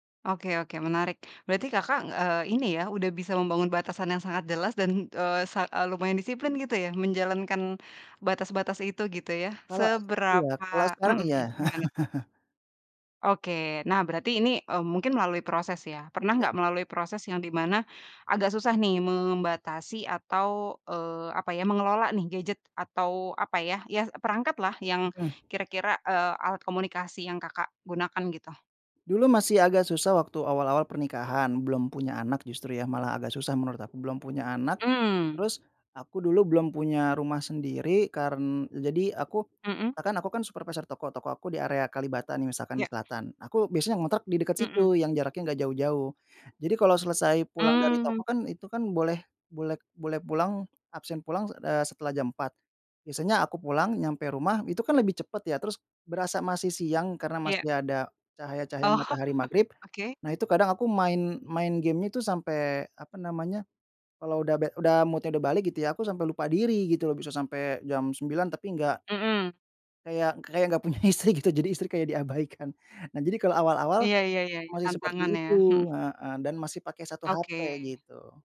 Oke oke menarik. Berarti, Kakak, ng eee, ini ya, udah bisa membangun batasan yang sangat jelas dan, eee, sa e lumayan disiplin gitu ya, menjalankan batas-batas itu gitu ya. Kalau iya, Seberapa kalau mhm sekarang iya. mhm, gimana tuh? Oke. Nah berarti ini, eee, mungkin melalui proses ya? pernah Iya. nggak melalui proses yang di mana, agak susah nih membatasi atau eee, apa ya, mengelola nih gadget, atau apa ya, ya perangkat lah yang Mhm. kira-kira, eee, alat komunikasi yang, Kakak, gunakan gitu? Dulu masih agak susah waktu awal-awal pernikahan, belum punya anak justru ya, malah agak susah menurut aku. Belum punya anak, Mmm. terus aku dulu belum punya rumah sendiri karen jadi aku, Mhm. kan aku kan supervisor toko, toko aku di area Kalibata nih misalkan di Ya. Selatan. Aku biasanya ngontrak di dekat Mhm. situ, yang jaraknya nggak jauh-jauh. Jadi kalau selesai pulang dari toko Mmm. kan, itu kan, boleh boleh boleh pulang absen pulang, eee, setelah jam 4. Biasanya aku pulang, nyampe rumah, itu kan lebih cepat ya, terus berasa masih siang, karena Iya. masih ada cahaya-cahaya Oh. matahari maghrib. Oke. Nah itu kadang aku main main gamenya itu sampai apa namanya, kalau udah bad udah mood-nya udah balik gitu ya, aku sampai lupa diri, gitu loh, bisa sampai jam 9, tapi nggak Mhm. kayak kayak nggak punya istri gitu, jadi istri kayak diabaikan. Nah jadi kalau awal-awal, Iya iya iya, masih tantangan seperti ya, mhm. itu heeh, dan masih pakai 1 HP Oke. gitu.